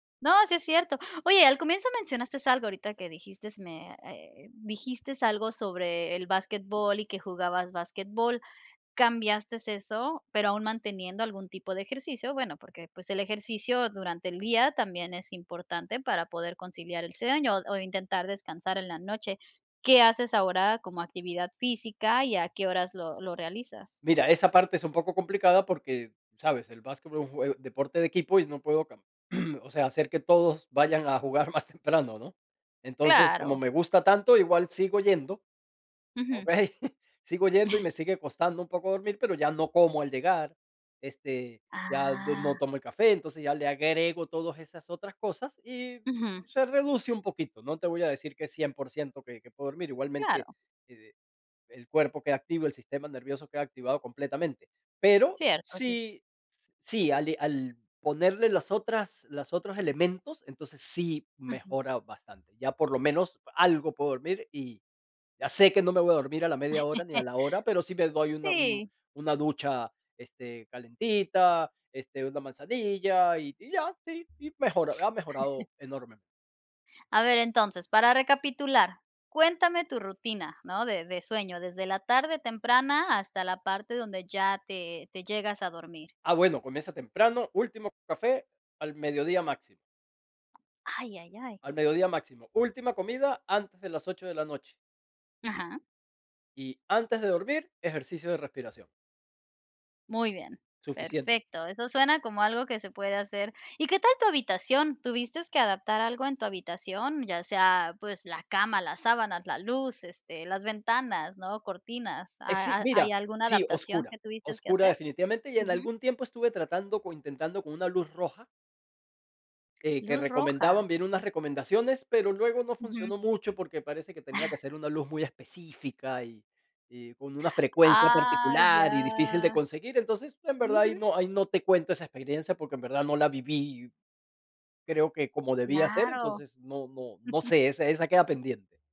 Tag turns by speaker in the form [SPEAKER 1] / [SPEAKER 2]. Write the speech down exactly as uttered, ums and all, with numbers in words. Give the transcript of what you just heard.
[SPEAKER 1] No, sí es cierto. Oye, al comienzo mencionastes algo ahorita que dijistes me eh, dijistes algo sobre el basquetbol y que jugabas basquetbol. ¿cambiastes eso, pero aún manteniendo algún tipo de ejercicio? Bueno, porque, pues, el ejercicio durante el día también es importante para poder conciliar el sueño o, intentar descansar en la noche. ¿Qué haces ahora como actividad física, y a qué horas lo lo realizas?
[SPEAKER 2] Mira, esa parte es un poco complicada porque, ¿sabes?, el basquetbol es un jue deporte de equipo, y no puedo cam o sea, hacer que todos vayan a jugar más temprano, ¿no? Entonces, como
[SPEAKER 1] Claro.
[SPEAKER 2] me gusta tanto, igual sigo yendo,
[SPEAKER 1] Ujú.
[SPEAKER 2] ¿okey? Sigo yendo, y me sigue costando un poco dormir, pero ya no como al llegar, este, ya du no
[SPEAKER 1] Ah.
[SPEAKER 2] tomo el café. Entonces ya le agrego todas esas otras cosas, y
[SPEAKER 1] Ujú.
[SPEAKER 2] se reduce un poquito, no te voy a decir que es cien por ciento que que puedo dormir, igualmente
[SPEAKER 1] Claro.
[SPEAKER 2] e el cuerpo queda activo, el sistema nervioso queda activado completamente. Pero,
[SPEAKER 1] Cierto, sí.
[SPEAKER 2] si sí, al al ponerle las otras las otros elementos, entonces sí
[SPEAKER 1] Ujú.
[SPEAKER 2] mejora bastante, ya por lo menos algo puedo dormir, y ya sé que no me voy a dormir a la media hora ni a la hora, pero sí me doy una un
[SPEAKER 1] Sí.
[SPEAKER 2] una ducha, este, calentita, este, una manzanilla y y ya, sí, y mejoró, ha mejorado enormemente.
[SPEAKER 1] A ver, entonces, para recapitular, cuéntame tu rutina, ¿no?, de de sueño, desde la tarde temprana, hasta la parte donde ya te te llegas a dormir.
[SPEAKER 2] Ah, bueno, comienza temprano, último café al mediodía máximo.
[SPEAKER 1] Ay, ay, ay.
[SPEAKER 2] Al mediodía máximo. Última comida antes de las ocho de la noche.
[SPEAKER 1] Ajá.
[SPEAKER 2] Y antes de dormir, ejercicio de respiración.
[SPEAKER 1] Muy bien,
[SPEAKER 2] Suficiente.
[SPEAKER 1] perfecto, eso suena como algo que se puede hacer. ¿Y qué tal tu habitación? ¿tuvistes que adaptar algo en tu habitación? Ya sea, pues, la cama, las sábanas, la luz, este, las ventanas, ¿no? Cortinas.
[SPEAKER 2] Eh, sí,
[SPEAKER 1] ¿Ha hay
[SPEAKER 2] mira
[SPEAKER 1] alguna
[SPEAKER 2] sí,
[SPEAKER 1] adaptación
[SPEAKER 2] oscura,
[SPEAKER 1] que tuviste que
[SPEAKER 2] oscura
[SPEAKER 1] hacer?
[SPEAKER 2] definitivamente, y, en
[SPEAKER 1] Ujú.
[SPEAKER 2] algún tiempo estuve tratando, o, intentando con una luz roja eh, que
[SPEAKER 1] Luz roja.
[SPEAKER 2] recomendaban, vi en unas recomendaciones, pero luego no
[SPEAKER 1] Ujú.
[SPEAKER 2] funcionó mucho porque parece que tenía que ser una luz muy específica, y y con una frecuencia
[SPEAKER 1] Ah,
[SPEAKER 2] particular, y difícil de
[SPEAKER 1] ya.
[SPEAKER 2] conseguir. Entonces, en verdad ahí
[SPEAKER 1] Ujú.
[SPEAKER 2] no ahí no te cuento esa experiencia porque en verdad no la viví creo que como debía ser,
[SPEAKER 1] Claro.
[SPEAKER 2] entonces no no no sé, esa esa queda pendiente.